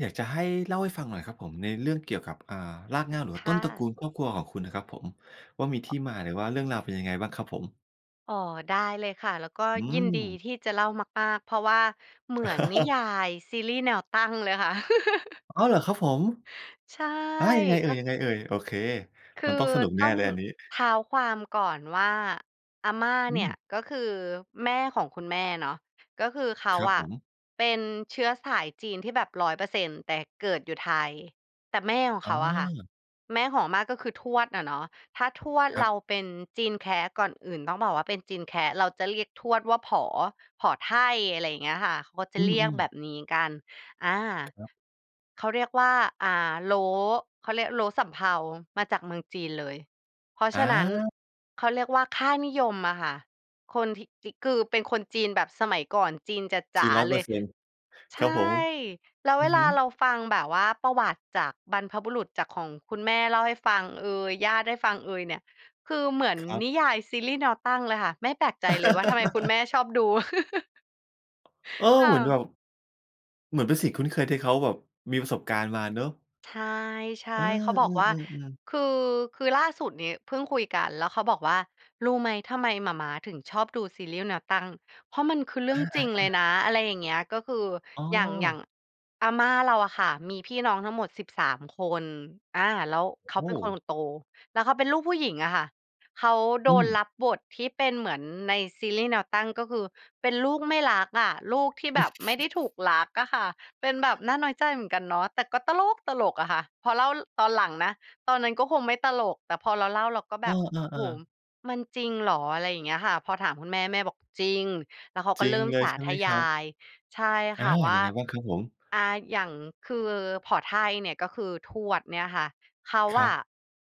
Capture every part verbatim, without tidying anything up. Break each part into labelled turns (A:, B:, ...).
A: อยากจะให้เล่าให้ฟังหน่อยครับผมในเรื่องเกี่ยวกับ อ่า รากเหง้า หรือว่
B: ค
A: าต
B: ่
A: ้นตระกู
B: ะ
A: ลครอบครัวของคุณน่ะครับผมว่า มีท
B: อ
A: ี
B: ะ
A: ่มาหรือว่าเรื่องราวเป็นยังไงบ้างครับผม?
B: อ๋อ ได้เลยค่ะ แล้วก็
A: อื
B: ยินดี
A: ม
B: ที่จะเล่ามาก ๆ เพราะว่าเหมือนนิยายซีรีส์แนวตั้งเลยค่ะ
A: อ๋อ เหรอครับผม?
B: ใช่
A: อา ยังไงเอ
B: ก
A: ่ย?
B: ็
A: ยังไงเอ่ย? โอเค
B: ค
A: มั
B: ื
A: นต
B: อ
A: ้องสนุกแน
B: ต
A: ่
B: ้อง
A: เลยอันนี้
B: เท้าความก่อนว่า อาม่า
A: อ
B: เนี่ย
A: ืม
B: ก็คือแม่ของคุณแม่เนาะ ก็คือเขา
A: ครับ
B: อ
A: ผ
B: ะ
A: ม
B: เป็นเชื้อสายจีนที่แบบ ร้อยเปอร์เซ็นต์ แต่เกิดอยู่ไทย แต่แม่ของ
A: อ
B: เข
A: ๋
B: าอะค่ะ
A: อ
B: แม่ของอาม่า ก็คือทวดอะเนาะ ถ้าทวด
A: ครั
B: เร
A: บ
B: าเป็นจีนแคะ ก่อนอื่นต้องบอกว่า เป็นจีนแคะ เราจะเรียกทวดว่า ผอ ผอไท่ อะไรอย่างเงี้ยค่ะ เขาก็จ
A: อ
B: ะ
A: ื
B: เรียก
A: ม
B: แบ
A: ๆ
B: บนี้กัน อา
A: ครับ
B: เขาเรียกว่า อ่า โล้ เขาเรียกโล้สำเภามาจากเมืองจีนเลย เพราะฉะนั้น
A: อา
B: เขาเรียกว่า ค่านิยมอะค่ะ คนถิ จิ คือเป็นคนจีนแบบสมัยก่อน จีนจ
A: จี
B: ๋า
A: น ร้อย
B: ๆ เ
A: เป
B: ล
A: อร
B: ย
A: ์เซ็นต์
B: ใ
A: ค
B: ช
A: รับผม
B: ่ แล้ว
A: อ
B: เ
A: ื
B: ว
A: ม
B: ล
A: ฮ
B: าเ
A: ึ
B: ราฟังแบบว่าประวัติจากบรรพบุรุษ จากของคุณแม่เล่าให้ฟังเอย ญาติให้ฟังเอยเนี่ย คือเหมือน
A: ครับ
B: นิยายซีรีส์แนวตั้งเลยค่ะ ไม่แปลกใจเลยว่า ทำไมคุณแม่ชอบดู
A: เออ
B: ค่
A: เหมือนแบ
B: ะ
A: บ เหมือนเป็นสิ่งคุ้นเคยที่เขาแบบมีประสบการณ์มาเนาะ
B: ใช
A: เออ
B: ่ ๆ เขาบอกว่า
A: ๆ ๆ ๆ
B: คือ คือล่าสุดนี้เพิ่งคุยกันแล้วเขาบอกว่า "รู้ไหม? ทำไมหม่าม้าถึงชอบดูซีรีส์แนวตั้ง เพราะมันคือเรื
A: อ
B: ่องจริงเลย
A: า ๆ ๆ
B: นะ" อะไรอย่างเงี้ย ก็คือ
A: อ๋
B: อย่าง อย่าง
A: อ
B: อาม่าเราอะค่ะมีพี่น้องทั้งหมด สิบสาม คน อา แล้วเขา
A: โอ
B: เป็
A: ้
B: นคนโต แล้วเขาเป็นลูกผู้หญิงอะค่ะ เขาโด
A: อื
B: น
A: ม
B: รับบทที่เป็นเหมือนในซีรีส์แนวตั้ง ก็คือ เป็นลูกไม่รักอะ ลูกที่แบบไม่ได้ถูกรักอะค่ะ เป็นแบบน่าน้อยใจเหมือนกันเนาะ แต่ก็ตล้กตลกอะค่ะ พอเล่า ล ตอนหลังนะ ตอนนั้นก็คงไม่ตลก แต่พอเราเล่าเราก็แ
A: อ
B: บบ โอ้
A: า
B: โฮ
A: ๆ ๆ
B: มันจริงหรอ? อะไรอย่างเงี้ยค่ะ พอถามคุณแม่ แม่บอก "จริง" แล้วเขาก
A: จ
B: ็
A: ริ
B: เร
A: ง
B: ิ่ม
A: เล
B: ส
A: ย
B: า
A: ใช่
B: ธ
A: ไหม
B: ย
A: ครับ?
B: าย ใช่
A: อ
B: ค
A: า
B: ่ะ ว่
A: ย
B: า
A: ังไงบ้างครับผม?
B: อ่า อย่าง คือผอไท่เนี่ย ก็คือทวดเนี่ยค่ะ เขา
A: คร
B: อ
A: ั
B: ะ
A: บ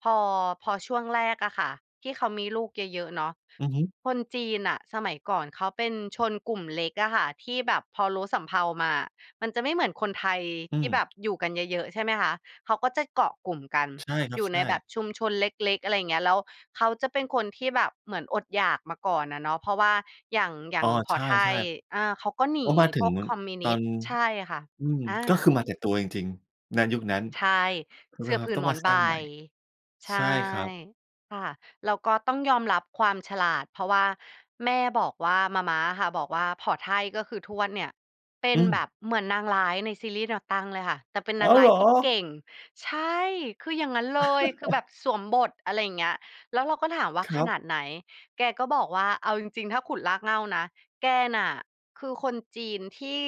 B: พอ พอช่วงแรกอะค่ะที่เขามีลูกเยอะ ๆ เนาะ
A: อือฮึ
B: คนจีนน่ะสมัยก่อนเขาเป็นชนกลุ่มเล็กอะค่ะที่แบบพอโล้สำเภามาอะ มันจะไม่เหมือนคนไทย
A: อื
B: ที่แบบ
A: ม
B: อยู่กันเยอะ ๆ ใช่ไหมคะ เขาก็จะเกาะกลุ่มกัน
A: ใช่คร
B: อ
A: ั
B: ย
A: บ
B: ู่
A: ใช
B: ในแบ
A: ่
B: บชุมชนเล็ก ๆ อะไรเงี้ย แล้วเขาจะเป็นคนที่แบบเหมือนอดอยากมาก่อนอะเนาะ เพราะว่าอย่าง อย่
A: อ
B: า
A: ๋
B: ง
A: อ
B: ผอ
A: ใ
B: ไท่
A: ช่
B: อ่า เขาก็ห
A: ๆ
B: น
A: เพรา
B: ี
A: ะมาถึ
B: พว
A: ง
B: กคอมมิวน
A: ตอ
B: ิส
A: น
B: ต์ ใช่ค่ะ
A: อืม
B: อ
A: ก็
B: า
A: คือมาแต่ตัวจริง ๆ ณ ยุคนั้น
B: ใช่ เสื่อผื
A: ต้
B: น
A: อง
B: หม
A: ม
B: อ
A: า
B: น
A: ส
B: ใบ
A: ร้างใหม่
B: ใช
A: ใ
B: ่
A: ช่ครับ
B: ค่ะ แล้วก็ต้องยอมรับความฉลาด เพราะว่าแม่บอกว่า หม่าม้าอะค่ะบอกว่า "ผอไท่ ก็คือ ทวดเนี่ย เป็
A: อ
B: น
A: ืม
B: แบบเหมือนนางร้ายในซีรีส์แนวตั้งเลยค่ะ แต่เป็น
A: อ
B: น
A: ้
B: า
A: า
B: ง
A: ว
B: ร้
A: เ
B: า
A: ห
B: ย
A: รอ?
B: ที่เก่ง" ใช่ คืออย่างงั้นเลย คือแบบสวมบท อะไรอย่างเงี้ย แล้วเราก็ถามว่า
A: คร
B: "ข
A: ับ
B: นาดไหน?" แกก็บอกว่า "เอาจริง ๆ ถ้าขุดรากเหง้านะ แกน่ะคือคนจีนที่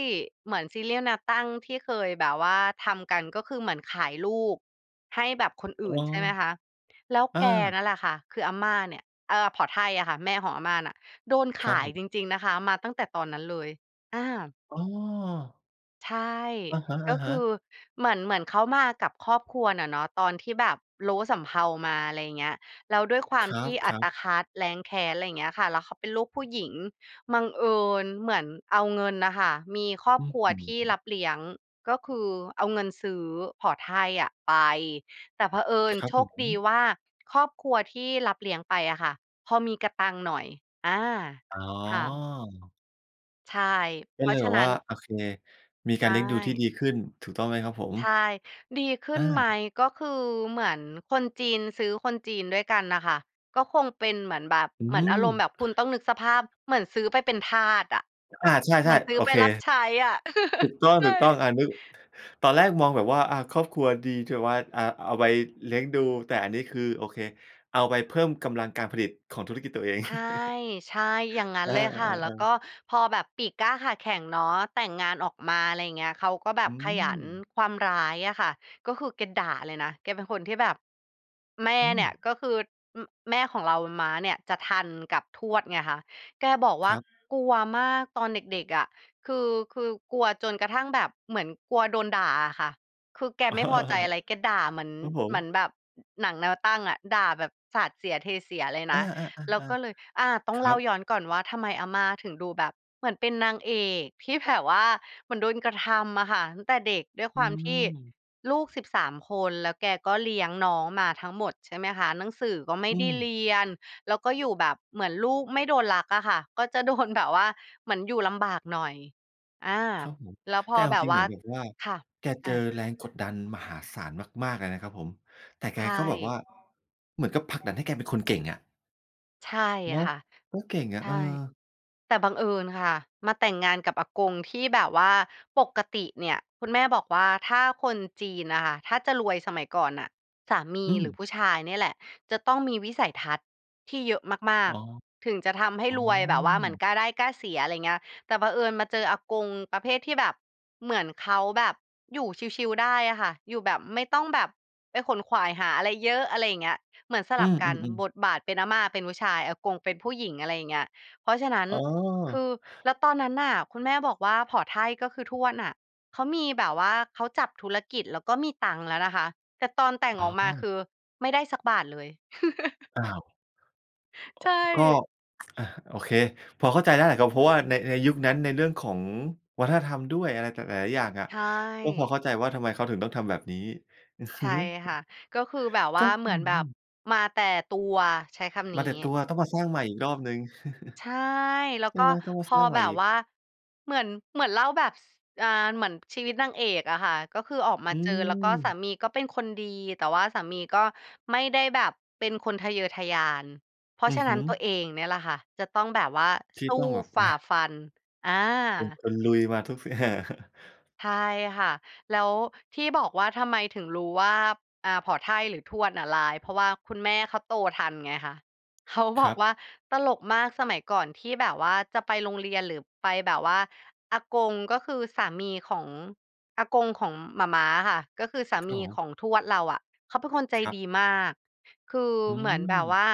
B: เหมือนซีรีส์แนวตั้งที่เคยแบบว่าทำกัน" ก็คือเหมือนขายลูกให้แบบคนอ
A: อ
B: ื
A: ๋อ
B: ่นใช่ไหมคะ แล้ว
A: อ
B: แก
A: า
B: นั่นแหละค่ะ คืออาม่าเนี่ย เอ่อ ผอไท่อะค่ะ แม่ของอาม่าน่ะโดน
A: ค
B: ข
A: รับ
B: า
A: ผ
B: ย
A: ม
B: จริง ๆ นะคะ มาตั้งแต่ตอนนั้นเลย อา
A: อ๋อ
B: ใช่
A: อะฮ
B: ก็ค
A: ะ
B: ื
A: ๆ
B: อเหมือน เหมือนเขามากับครอบครัวน่ะเนาะ ตอนที่แบบโล้สำเภามา อะไรเงี้ย แล้วด้วยควา
A: ค
B: ม
A: ร
B: ที่อั
A: ับ
B: ต
A: ๆ
B: คัด แร้นแค้น ไรเงี้ยค่ะ แล้วเขาเป็นลูกผู้หญิง บังเอิญเหมือนเอาเงินน่ะค่ะ มีครอบ
A: อื้อ
B: ครัว
A: ฮื
B: ที่
A: อ
B: รับเลี้ยง ก็คือ เอาเงินซื้อผอไท่อะไป แต่เผอิญ
A: ครั
B: โ
A: บ
B: ช
A: ผ
B: คดี
A: ม
B: ว่า ครอบครัวที่รับเลี้ยงไปอะค่ะพอมีกะตังค์หน่อย อา
A: อ๋
B: ค่ะ
A: อ
B: ใช่
A: ก
B: เ
A: ็
B: พร
A: เ
B: า
A: ล
B: ะ
A: ย
B: ฉ
A: แ
B: ะ
A: บบ
B: นั้
A: ว่า
B: น
A: โอเค มี
B: ใช
A: การเลี้ยงดูที่
B: ่
A: ดีขึ้น ถูกต้องไหมครับผม?
B: ใช่ ดีขึ้
A: อ
B: นไหม?
A: า
B: ก็คือเหมือนคนจีนซื้อคนจีนด้วยกันน่ะค่ะ ก็คงเป็นเหมือนแบบ
A: อื
B: เหมือนอารมณ์แบ
A: ม
B: บ คุณต้องนึกสภาพเหมือนซื้อไปเป็นทาสอะ
A: อา ใ
B: เหม
A: ช
B: ื
A: ่
B: อนซื
A: ๆ
B: ้
A: โ
B: อ
A: อ
B: ไป
A: เค
B: รับใช้อะ
A: ถูกต้
B: ใช่
A: อง ๆ อานึก ตอนแรกมองแบบว่า อา ครอบครัวดี ถือว่า อ่า เอาไว้เลี้ยงดู แต่อันนี้คือ โอเค เอาไปเพิ่มกำลังการผลิตของธุรกิจตัวเอง
B: ใช่ ๆ อย่างงั้น
A: อา
B: เลยค่ะ แล้วก
A: ๆ ๆ ๆ
B: ็พอแบบปีกกล้าขาแข็งเนาะ แต่งงานออกมา อะไรเงี้ย เขาก็แบ
A: อ
B: บ
A: ื
B: ขยัน
A: ม
B: ความร้ายอะค่ะ ก็คือแกด่าเลยนะ แกเป็นคนที่แบบ แม่
A: อ
B: เนี่ย
A: ืม
B: ก็คือ อือ แม่ของเรา ม้าเนี่ยจะทันกับทวดไงคะ แกบอกว
A: ค
B: ่า
A: รับ
B: กลัวมากตอนเด็ก ๆ อะ คือ คือกลัวจนกระทั่งแบบ เหมือนกลัวโดนด่าอะค่ะ คือแกไม่พอใจอะไร แกด่าเหมือน
A: ครับผ
B: เหมื
A: ม
B: อนแบบ หนังแนวตั้งอะ ด่าแบบสาดเสียเทเสียเลยน
A: อ
B: ะ
A: า
B: แล้วก็
A: ๆ
B: เลย อา ต
A: ๆ
B: ้
A: ๆ
B: อ
A: ค
B: งเ
A: ร
B: ล
A: ั
B: ่า
A: บ
B: ย้อนก่อนว่า ทำไมอาม่าถึงดูแบบเหมือนเป็นนางเอก ที่แบบว่าเหมือนโดนกระทำอะค่ะ ตั้งแต่เด็ก ด้วย
A: อ
B: ค
A: ื
B: วามที่
A: ม
B: ลูก สิบสาม คน แล้วแกก็เลี้ยงน้องมาทั้งหมด ใช่ไหมคะ หนังสือก็ไม่
A: อื
B: ได้
A: ม
B: เรียน แล้วก็อยู่แบบเหมือนลูกไม่โดนรักอะค่ะ ก็จะ โดน แบบว่าเหมือนอยู่ลำบากหน่อย อา
A: ครับผม
B: แล้วพ
A: แต
B: อ
A: ่เอา
B: แบบ
A: จริง
B: ว
A: เห
B: ่
A: ม
B: า
A: ือนแบบว่า
B: ค่ะ
A: แก
B: อ
A: เจ
B: า
A: อแรงกดดันมหาศาลมาก ๆ เลยนะครับผม แต่แ
B: ใ
A: ก
B: ช่
A: ก็แบบว่า เหมือนกับผลักดันให้แกเป็นคนเก่งอะ
B: ใช่
A: เนาะ
B: ค่ะ
A: ก็เก่งอ
B: ใ
A: ะ
B: ช
A: เ
B: ่
A: ออ
B: แต่บังเอิญค่ะมาแต่งงานกับอากงที่แบบว่า ปกติเนี่ยคุณแม่บอกว่า ถ้าคนจีนน่ะค่ะ ถ้าจะรวยสมัยก่อนน่ะ สามี
A: อื
B: หรื
A: ม
B: อผู้ชายเนี่ยแหละจะต้องมีวิสัยทัศน์ที่เยอะมา
A: อ๋
B: ก
A: อ
B: ๆ ถึงจะทำให้
A: อ๋อ
B: รวย แบบว่าเหมือนกล้าได้กล้าเสีย อะไรเงี้ย แต่เผอิญมาเจออากงประเภทที่แบบ เหมือนเขาแบบอยู่ชิล ๆ ได้อะค่ะ อยู่แบบไม่ต้องแบบไปขวนขวายหาอะไรเยอะ อะไรอย่างเงี้ย เหมือนส
A: อื
B: ลับ
A: ม
B: กัน
A: ๆ ๆ
B: บทบาทเป็น อาม่าเป็นผู้ชาย อากงเป็นผู้หญิง อะไรอย่างเงี้ย เพราะฉะนั้น
A: อ๋อ
B: คือ แล้วตอนนั้นน่ะ คุณแม่บอกว่า ผอไท่ก็คือทวดน่ะ เขามีแบบว่าเขาจับธุรกิจแล้วก็มีตังแล้วนะคะ แต่ตอนแต่ง
A: อ๋
B: ออกมา
A: อ
B: คือไม่ได้สักบาทเลย
A: อ้าว
B: ใช
A: ก็
B: ่
A: อะ โอเค พอเข้าใจได้แหละครับ เพราะว่าใน ในยุคนั้น ในเรื่องของวัฒนธรรมด้วยอะไร ต หลาย ๆ อย่างอะ
B: ใช
A: ก็พอ
B: ่
A: เข้าใจว่า ทำไมเขาถึงต้องทำแบบนี้ อือ
B: ใ
A: ฮ
B: ช
A: ึ
B: ่ค่ะ ก็คือแบบว
A: ก
B: ่
A: ็
B: า เห
A: อ
B: มื
A: ื
B: อนแบบ
A: ม
B: มาแต่ตัว ใช้คำน
A: ม
B: ี้
A: าแต่ตัว ต้องมาสร้างใหม่อีกรอบหนึ่ง
B: ใช่ แล้ว
A: ใช่
B: ก็
A: ไหม? ต้องมา
B: พ
A: ส
B: อ
A: ร้างใหม
B: แบ
A: ่
B: บ
A: อี
B: ว
A: ก
B: ่า เหมือน เหมือนเล่าแบบ ส อา เหมือนชีวิตนางเอกอะค่ะ ก็คือออกมา
A: อื
B: เจอ แล้วก็สา
A: ม
B: มีก็เป็นคนดี แต่ว่าสามีก็ไม่ได้แบบเป็นคนทะเยอทะยาน เพรา
A: อื
B: ะฉ
A: อ
B: ะ
A: ฮ
B: นั้
A: ึ
B: น ตัวเองเนี่ยแหละค่ะจะต้องแบบว่า
A: ท
B: ส
A: ี่
B: ู้
A: ต้องแบบ
B: ฝ
A: อ
B: ่า
A: า
B: ฟัน อา
A: เป็นคนลุย มาทุก ส
B: ใช่ค่ะ แล้วที่บอกว่า ทำไมถึงรู้ว่า อา ผ่อไท่หรือทวดอะร้าย เพราะว่าคุณแม่เขาโตทันไงคะ เขา
A: ค
B: บอ
A: ร
B: ก
A: ับ
B: ว่าตลกมาก สมัยก่อนที่แบบว่าจะไปโรงเรียนหรือไปแบบว่า อากงก็คือสามีของ อากงของหม่าม้าอะค่ะ ก็คือสา
A: ค
B: ม
A: รับ
B: ี
A: ผ
B: ข
A: ม
B: องทวดเราอะเขาเป็นคนใจ
A: ครับ
B: ดีมาก คือ
A: อื
B: เหมือนแบบว
A: ม
B: ่า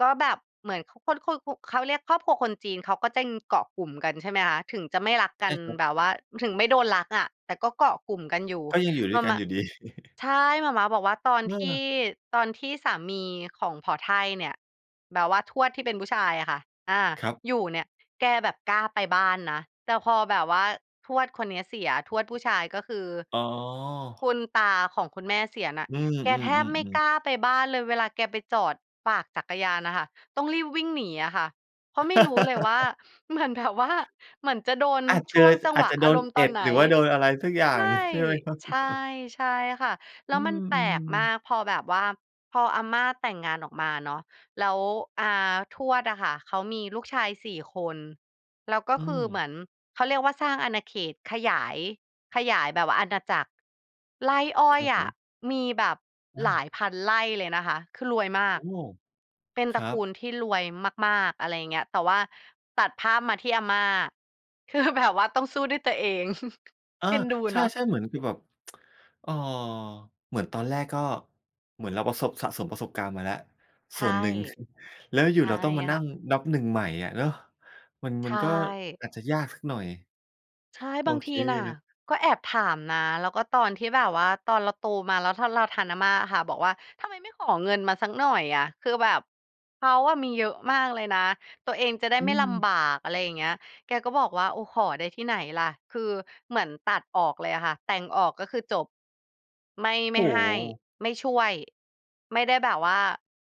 B: ก็แบบเหมือน ข คนคู ขุ เขาเรียกครอบครัวคนจีน เขาก็จะ อืม เกาะกลุ่มกัน ใช่ไหมคะ ถึงจะไม่รัก
A: ใ
B: ก
A: ช
B: ั
A: ่
B: น
A: ครั
B: แบ
A: บ
B: บว่า ถึงไม่โดนรักอะแต่ก็เกาะกลุ่มกันอยู่
A: ก็ยังอยู่
B: ห
A: ด
B: ม
A: ้
B: ่
A: ว
B: า
A: ยกั
B: ม
A: น
B: ้ะ
A: อยู่ดี
B: ใช่ หม่าม้าบอกว่าตอน
A: เ
B: ที่
A: ออ
B: ตอนที่สามีของผ่อไท่เนี่ย แบบว่าทวดที่เป็นผู้ชายอะค่ะ อา
A: ครับ
B: อยู่เนี่ย แกแบบกล้าไปบ้านนะ แต่พอแบบว่าทวดคนเนี้ยเสีย ทวดผู้ชาย ก็คือ
A: อ๋
B: ค
A: อ
B: ุณตาของคุณแม่เสียน่ะ
A: อืม
B: แก
A: อื
B: แทบไม่
A: อ ๆ
B: ก
A: ๆ
B: ล้าไปบ้านเลย เวลาแกไปจอดฝากจักรยานน่ะค่ะต้องรีบวิ่งหนีอะค่ะ เพราะไม่รู้เลยว่า เหมือนแบบว่า เหมือนจะโดน
A: อาจ
B: ช
A: เจอ
B: ่วงจัง
A: อ
B: ห
A: า
B: ว
A: จ
B: ะ
A: จะโด
B: อา
A: น
B: รมณ์
A: เ
B: ต
A: อ็
B: อน
A: ด
B: ไหน
A: หรือว่าโดนอะไรสักอย่า
B: ใช
A: ง
B: ่
A: ใช่ไหมครับ?
B: ใช่ ใช่ค่ะ แล
A: อ
B: ้
A: ื
B: วมันแปลกมา
A: ม ๆ
B: ก พอแบบว่าพออาม่าแต่งงานออกมาเนาะ แล้ว อา ทวดอะค่ะเขามีลูกชาย สี่ คน แล้วก็
A: อื
B: คือเ
A: ม
B: หมือน เขาเรียกว่า สร้างอาณาเขต ขยาย ขยายแบบว่าอาณาจักร ไร่อ้
A: ค
B: อ
A: ร
B: ย
A: ับ
B: อ
A: ผ
B: ะ
A: ม
B: มีแบบ
A: อ
B: หลา
A: า
B: ยพันไร่เลยนะคะ คือรวยมา
A: โอ
B: ก
A: ้
B: เป็น
A: ค
B: ตระ
A: รั
B: กู
A: บ
B: ลที่รวยมาก ๆ อะไรอย่างเงี้ย แต่ว่าตัดภาพมาที่อาม่า คือแบบ ว่าต้องสู้ด้วยตัวเอง
A: อา
B: เอ็นดู
A: ใ
B: เนาะ
A: ช่ ๆ เหมือน คือแบบ เอ่อ เหมือนตอนแรกก็ เหมือนเราประสบ สะสมประสบการณ์มาแล้ว
B: ใช
A: ส่
B: ่
A: วนหนึ่ง แล้วอย
B: ใ
A: ู
B: ช
A: ่ ๆ
B: ่
A: เราต้องมาน
B: ค
A: ั
B: ่
A: ่ง
B: ะ
A: นับ หนึ่ง ใหม่อะเนาะ มัน
B: ใช
A: มันก็
B: ่
A: อาจจะยากสักหน่อย
B: ใช่
A: โอ
B: บาง
A: เ
B: ท
A: ค
B: ีน่ะ
A: เลย
B: ก็แอบถามนะ แล้วก็ตอนที่แบบว่าตอนเราโตมา แล้วถ้าเราทันอาม่าอะค่ะ บอกว่า "ทำไมไม่ขอเงินมาสักหน่อยอะ คือแบบเขาอะมีเยอะมากเลยนะ ตัวเองจะได้
A: อื
B: ไม่ลำ
A: ม
B: บาก" อะไรอย่างเงี้ย แกก็บอกว่า "โอ้ ขอได้ที่ไหนล่ะ" คือเหมือนตัดออกเลยอะค่ะ แต่งออกก็คือจบ ไม่ ไ
A: โอ
B: ม่
A: ้
B: ให
A: โ
B: ้
A: ฮ
B: ไม่ช่วย ไม่ได้แบบว่า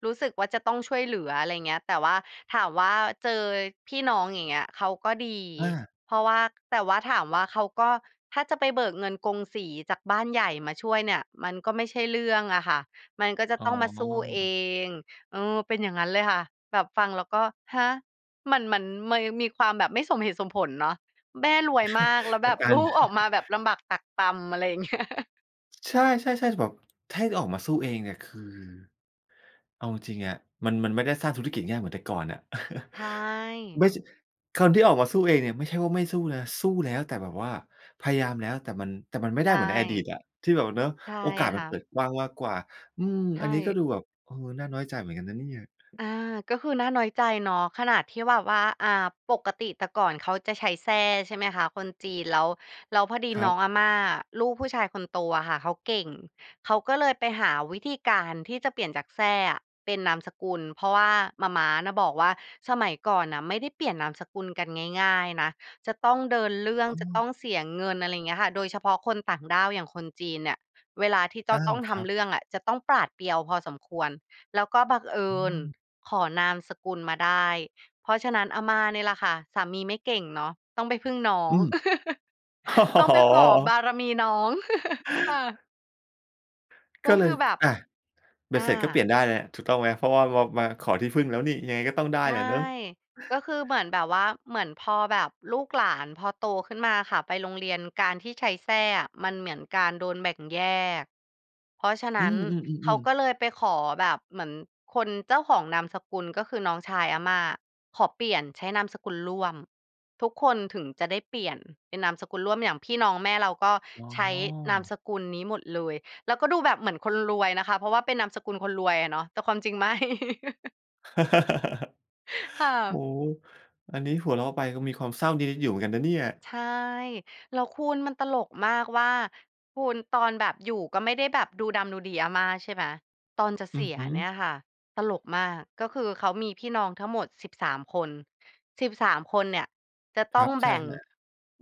B: รู้สึกว่า จะต้องช่วยเหลือ อะไรเงี้ย แต่ว่าถามว่า เจอพี่น้อง อย่างเงี้ย เขาก็ดี
A: อา
B: เพราะว่า แต่ว่าถามว่า เขาก็ ถ้าจะไปเบิกเงินกงสีจากบ้านใหญ่มาช่วยเนี่ยมันก็ไม่ใช่เรื่องอะค่ะ มันก็จะ
A: อ๋
B: ต้องมาสู้เอ
A: อ
B: ง เออ เป็นอย่างงั้นเลยค่ะ แบบฟังแล้วก็ ฮะ! มัน มันเมย มีความแบบไม่สมเหตุสมผลเนาะ แม่รวยมากแล้ว
A: แต
B: แบ
A: ่
B: บ
A: กา
B: ล
A: ร
B: ูก ออกมาแบบลำบากตรากตรำ อะไรอย่างเงี้ย
A: ใช่ ๆ ๆ ช แบบ ถ้าให้ออกมาสู้เองเนี่ย คือเอาจริง ๆ อะ มัน มันไม่ได้สร้างธุรกิจง่ายเหมือนแต่ก่อนอะ
B: ใช่
A: ไม่สิ คนที่ออกมาสู้เองเนี่ยไม่ใช่ว่าไม่สู้นะ สู้แล้วแต่แบบว่า พยายามแล้ว แต่มัน แต่มันไม่
B: ใ
A: ไ
B: ช
A: ด้เหมือนในอดี
B: ่
A: ตอะ ที่แบบ เนาะ
B: ใช่
A: โอกาสม
B: ค
A: ั
B: ่
A: นเ
B: ะ
A: ปิดกว้างมากกว่า อืม
B: ใช
A: อันนี้ก
B: ่
A: ็ดูแบบ เออ น่าน้อยใจเหมือนกันนะเนี่ย
B: อา ก็คือน่าน้อยใจเนาะ ขนาดที่แบบว่า อ่า ปกติแต่ก่อนเขาจะใช้แซ่ ใช่ไหมคะ คนจีน แล้ว แล้วพอดี
A: คร
B: น
A: ั
B: ้อ
A: บ
B: งอาม่า ลูกผู้ชายคนโตอะค่ะเขาเก่ง เขาก็เลยไปหาวิธีการที่จะเปลี่ยนจากแซ่อะเป็นนามสกุล เพราะว่าหม่าม้าน่ะบอกว่า สมัยก่อนน่ะไม่ได้เปลี่ยนนามสกุลกันง่าย ๆ นะ จะต้องเดินเรื่อ
A: อ
B: ง
A: ๋
B: จะต
A: อ
B: ้องเสียเงิน อะไรอย่างเงี้ยค่ะ โดยเฉพาะคนต่างด้าวอย่างคนจีนเนี่ย เวลาที่ต
A: อ
B: อ
A: า
B: ต้องท
A: ครั
B: ำ
A: บ
B: เรื่องอะ จะต้องปราดเปรียวพอสมควร แล้วก็บังเอ
A: อ
B: ิ
A: ื
B: ญ
A: ม
B: ขอนามสกุลมาได้ เพราะฉะนั้นอาม่านี่ล่ะค่ะ สามีไม่เก่งเนาะ ต้องไปพึ่งน้อ
A: อ
B: ง
A: ืม
B: ต้อง
A: อ
B: ไ
A: ๋
B: ปขอบ
A: อ
B: ารมีน้อง ค่ะ ก
A: ก
B: ็
A: ็เ
B: ค
A: ล
B: ื
A: ย
B: อแบบ
A: อะ ใบ
B: อ
A: เสร็จก็เปล
B: า
A: ี่ยนได้แล้ว ถูกต้องไหม เพราะว่า ว่ามาขอที่พึ่งแล้วนี่ ยังไงก็ต้องได้
B: ใช
A: แห
B: ่
A: ละเนอะ
B: ก็คือเหมือนแบบว่า เหมือนพอแบบลูกหลานพอโตขึ้นมาอะค่ะ ไปโรงเรียน การที่ใช้แซ่อะ มันเหมือนการโดนแบ่งแยก เพราะฉะน
A: อ
B: ั
A: ื
B: ้นเขา
A: ม ๆ
B: ก
A: ๆ ๆ
B: ็เลยไปขอแบบ เหมือนคนเจ้าของนามสกุล ก็คือน้องชายอาม่า ขอเปลี่ยนใช้นามสกุลร่วม ทุกคนถึงจะได้เปลี่ยนเป็นนามสกุลร่วม อย่างพี่น้องแม่เราก็
A: อ
B: ใช้
A: ๋
B: นาม
A: อ
B: สกุลนี้หมดเลย แล้วก็ดูแบบเหมือนคนรวยนะคะ เพราะว่าเป็นนามสกุลคนรวยอะเนาะ แต่ความจริงไม่ ค่
A: โอ้
B: ะ
A: โฮ อันนี้หัวเราะไปก็มีความเศร้านิด ๆ อยู่เหมือนกันนะเนี่ย
B: ใช่ แล้วคุณมันตลกมากว่า คุณ ตอนแบบอยู่ก็ไม่ได้แบบดูดำดูดีอาม่า ใช่ไหม ตอนจะ
A: อ
B: เ
A: ื
B: สี
A: อ
B: ย
A: ฮึ
B: เนี่ยค่ะ ตลกมาก ก็คือเขามีพี่น้องทั้งหมด สิบสาม คน สิบสาม คนเนี่ยจะ
A: ค
B: ต้
A: รั
B: อง
A: บ ใ
B: แ
A: ช
B: บ
A: ่
B: ่ง
A: ๆ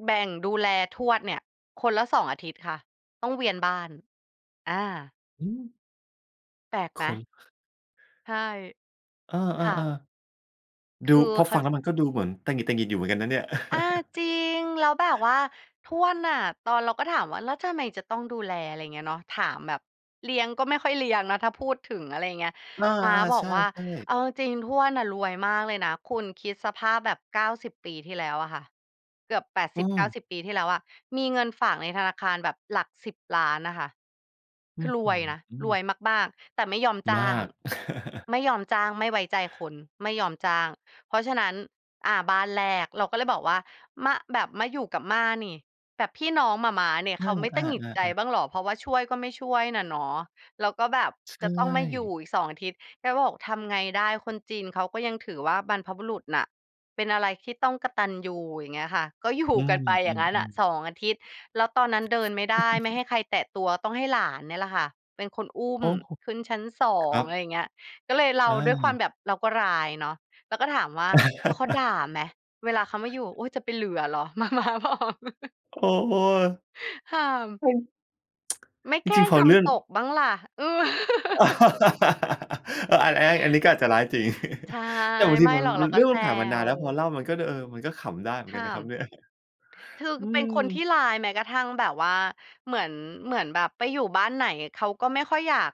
B: แบ่งดูแลทวดเนี่ย คนละ สอง อาทิตย์ค่ะ ต้องเวียนบ้าน อา
A: หือ
B: แปลกไ
A: ค
B: หม?
A: น
B: ใช่
A: เออ
B: ค่ะ
A: ๆ ๆ ด
B: ค
A: ู
B: ือ
A: พอ
B: เข
A: ฟ
B: า
A: ัง
B: ล
A: แล้วมันก็ดูเหมือนตะหงิด ๆ อยู่เหมือนกันนะเนี่ย
B: อา จริง แล้วแบบว่าทวดน่ะ ตอน เราก็ถามว่า แล้วทำไมจะต้องดูแล? อะไรเงี้ยเนาะ ถามแบบ เลี้ยงก็ไม่ค่อยเลี้ยงนะ ถ้าพูดถึง อะไรอย่างเงี้ย
A: อา
B: ม้าบ
A: ๆ
B: อ
A: ใช
B: ก
A: ่
B: ว่า เ
A: ๆ
B: อาจริง ๆ ทวดน่ะรวยมากเลยนะ คุณคิดสภาพแบบ เก้าสิบ ปีที่แล้วอะค่ะ เกือบ แปด
A: อ
B: ส
A: ื
B: ิบเก้า
A: ม
B: สิบ ปีที่แล้วอะ มีเงินฝากในธนาคารแบบหลัก สิบ ล้านน่ะค่ะ
A: อ
B: ค
A: ื
B: ื
A: ้
B: อ
A: อ
B: ร
A: ฮ
B: วยนะ
A: ื
B: รว
A: อ
B: ยมาก ๆ แต่ไม่ยอมจ้
A: มา
B: าง
A: ก
B: ไม่ยอมจ้าง ไม่ไว้ใจคน ไม่ยอมจ้าง เพราะฉะนั้น อะ บ้านแรกเราก็เลยบอกว่า "ม แบบมาอยู่กับม่านี่ แบบพี่น้องหม่าม้าเนี่ย
A: อ
B: เข
A: า
B: าไม่ตะหงิดใจ
A: ๆ ๆ ๆ
B: บ้างเหรอ?เพราะว่าช่วยก็ไม่ช่วยน่ะเนาะ แล้วก็แบบ
A: ใช
B: จะต้องมาอยู่
A: ่
B: อีก สอง อาทิตย์" แกก็บอก "ทำไงได้ คนจีนเขาก็ยังถือว่า บรรพบุรุษน่ะเป็นอะไรที่ต้องกตัญญู" อย่างเงี้ยค่ะ ก็อยู่
A: อื
B: กันไปอย่างงั้นน่ะ
A: ม ๆ ๆ
B: สอง อาทิตย์ แล้วตอนนั้นเดินไม่ได้ ไม่ให้ใครแตะตัว ต้องให้หลานเนี่ยล่ะค่ะ เป็นคนอุ้
A: โ
B: ม
A: อ้โฮ
B: ขึ้นชั้น สอ
A: คร
B: ง
A: ั
B: อะ
A: บ
B: ไรอย่างเงี้ย ก็เลย เรา
A: อ
B: ด้วยความ
A: า
B: แบบเราก็ร้ายเนาะ เราก็ถามว่า "แล้วเขาด่าไหม? เวลาเขามาอยู่" "โอ๊ย! จะไปเหลือเหรอ" หม่าม้าบอก
A: โอ้โฮ
B: ห่าม
A: เป็น
B: "ไม่
A: จ
B: แกล
A: ร
B: ้
A: ิง
B: ง
A: ๆ พอ
B: ท
A: เรื่อง
B: ำตกบ้างล่ะ" อือ
A: เออ อันแอ๊ อันนี้ก็อาจจะร้ายจริง
B: ใช่
A: แต่บางที
B: ไม่
A: มัน
B: หรอก
A: ม
B: เร
A: ั
B: า
A: น
B: ก
A: เร
B: ็
A: ื่อง
B: แซ
A: มันผ่านมานาน
B: ว
A: แล้ว พอเล่ามันก็ เดอ เออ มันก็ขำได้เหมื
B: ข
A: อนกั
B: ้
A: นน
B: า
A: ะคร
B: ม
A: ับเนี่ย
B: คือ
A: อื
B: เป็นคนท
A: ม
B: ี่ร้าย แม้กระทั่งแบบว่า เหมือน เหมือนแบบไปอยู่บ้านไหน เขาก็ไม่ค่อยอยาก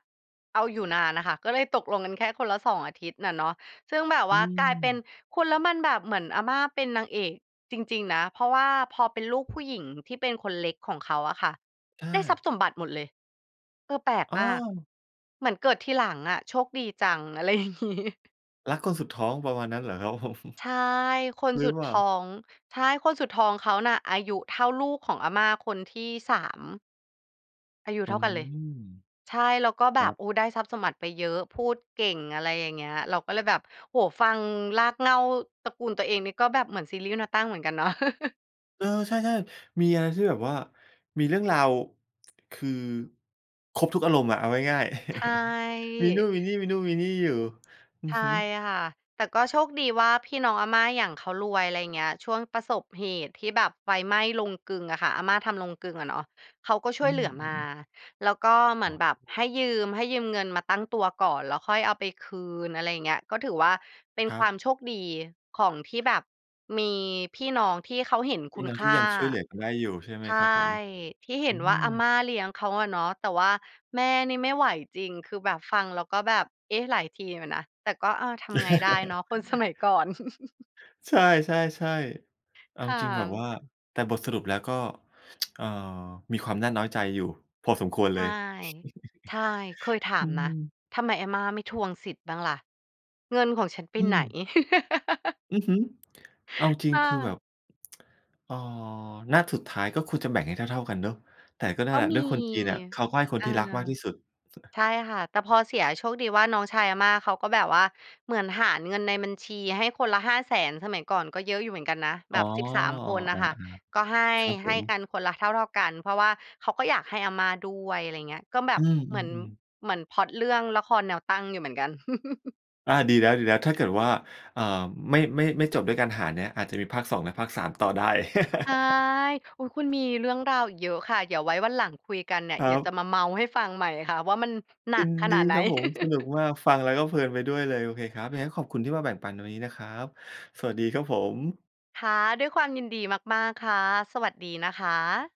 B: เอาอยู่นานน่ะค่ะ ก็เลยตกลงกันแค่คนละ สอง อาทิตย์น่ะเนาะ ซึ่งแบบ
A: อ
B: ว
A: ื
B: ่า กลายเป็น
A: ม
B: คุณแล้วมันแบบเหมือนอาม่าเป็นนางเอกจริง ๆ นะ เพราะว่าพอเป็นลูกผู้หญิงที่เป็นคนเล็กของเขาอะค่ะ
A: ใช
B: ได้ท
A: ่
B: รัพย์สมบัติหมดเลย เออ แปลก
A: อ้
B: มาก
A: อ
B: เหมือนเกิดทีหลังอะ โชคดีจัง อะไรอย่างงี้
A: รักคนสุดท้องประมาณนั้นเหรอครับ ผม
B: ใช่ คน
A: หรื
B: ส
A: อ
B: ุด
A: เปล่า?
B: ท้อง ใช่ คนสุดท้องเขาน่ะ อายุเท่าลูกของอาม่าคนที่ สาม อายุ
A: อื
B: เท่ากันเลย
A: ม
B: ใช่ แล้วก็แ
A: ค
B: บ
A: รั
B: บ
A: บ
B: โอ้ ได้ทรัพย์สมบัติไปเยอะ พูดเก่ง อะไรอย่างเงี้ย เราก็เลยแบบ โอ้โฮ ฟังรากเหง้าตระกูลตัวเองนี่ ก็แบบเหมือนซีรีส์แนวตั้งเหมือนกันเนาะ
A: เออ ใช่ ๆ มีอะไรที่แบบว่า มีเรื่องราว คือ ครบทุกอารมณ์อะ เอาง่าย ๆ
B: ใช
A: มีนู่นมี
B: ่
A: นี่ มีนู่นมีนี่อยู่ อื
B: ใช
A: อ
B: ่
A: ฮึ
B: ค่ะ แต่ก็โชคดีว่าพี่น้องอาม่าอย่าง เขารวย อะไรอย่างเงี้ย ช่วงประสบเหตุที่แบบไฟไหม้โรงกลึงอะค่ะ อาม่าทำโรงกลึงอะเนาะ เขาก็ช่
A: อื
B: วยเหล
A: ม
B: ือ
A: อ
B: ม
A: ื
B: า
A: อ ๆ
B: แล้วก็เหมือ
A: อ
B: น
A: ๋
B: แบบ
A: อ
B: ให้ยืม ให้ยืมเงินมาตั้งตัวก่อน แล้วค่อยเอาไปคืน อะไรอย่างเงี้ย ก็ถือว่าเป็น
A: คร
B: ค
A: ั
B: วา
A: บ
B: มโชคดีของ ที่แบบมีพี่น้องที่เขาเห็นค
A: พี
B: ุ
A: ่
B: ณ
A: น้อง
B: ค
A: ที
B: ่
A: ่
B: า
A: ยังช่วยเหลือกันได้อยู่ใช่ไห
B: ใ
A: ม
B: ช่
A: ครับผม?
B: ที่เห
A: อ
B: ็
A: ื
B: นว่าอาม
A: ม
B: ่าเลี้ยงเขาอะเนาะ แต่ว่าแม่นี่ไม่ไหวจริง คือแบบ ฟังแล้วก็แบบ เอ๊ะ! หลายทีอยู่นะ แต่ก็ เออ ทำไงได้เนาะ คนสมัยก่อน
A: ใช่ ๆ ๆ เอา
B: ค่
A: จริงแบบว่
B: ะ
A: า แต่บทสรุปแล้วก็ เอ่อ มีความน่าน้อยใจอยู่พอสมควร
B: ใ
A: เล
B: ช่
A: ย
B: ใช่ เคยถา
A: อื
B: มนะ
A: ม
B: ทำไมอาม่าไม่ทวงสิทธิ์บ้างล่ะ เงินของฉันไป
A: อื
B: ไหน?
A: ม อือฮึ เอาจริ
B: ค
A: ง
B: ่
A: คือแบ
B: ะ
A: บ เอ่อ ณ สุดท้ายก็ควรจะแบ่งให้เท่า ๆ กันเนาะ แต่ก็นั่
B: ก
A: น
B: ็
A: แหละ
B: ม
A: ด
B: ี
A: ้วยคนจีนน่ะเขาก็ให้คน
B: อา
A: ที่รักมากที่สุด
B: ใช่ค่ะ แต่พอเสีย โชคดีว่าน้องชายอาม่าเขาก็แบบว่า เหมือนหารเงินในบัญชีให้คนละ ห้าแสน สมัยก่อนก็เยอะอยู่เหมือนกันนะ แบ
A: อ๋อ
B: บ สิบสาม
A: อ้อ
B: คน
A: เ
B: น
A: อ
B: ่
A: อ
B: ะค่ะ
A: อา
B: ก็ให้
A: ครับผ
B: ให้ก
A: ม
B: ันคนละเท่า ๆ กัน เพราะว่าเขาก็อยากให้อาม่าด้วย อะไรอย่างเงี้ย ก็แบ
A: อื
B: บเหมือน
A: ม ๆ ๆ
B: เหมือนพล็อตเรื่องละครแนวตั้งอยู่เหมือนกัน
A: อา ดีแล้ว ๆ ถ้าเกิดว่า อ่า ไม่ ไม่ ไม่จบด้วยการหารเนี้ย อาจจะมี ภาค สอง และภาค สาม ต่อได้
B: ใช่ อุ๊ย! คุณ มีเรื่องราวอีกเยอะค่ะ เดี๋ยวไว้วันหลังคุยกันเนี่ย
A: ค
B: เ
A: ร
B: ดี๋ยวจะ
A: ับ
B: มาเมาท์ให้ฟังใหม่ค่ะ ว่ามันหนั
A: ยิ
B: ก
A: น
B: ข
A: ดี
B: นาดไหน
A: ครับผม สนุกมาก ฟังแล้วก็เพลินไปด้วยเลย โอเคครับ ยังไงก็ขอบคุณที่มาแบ่งปันในวันนี้นะครับ สวัสดีครับผม
B: ค่ะ ด้วยความยินดีมาก ๆ ค่ะ สวัสดีนะคะ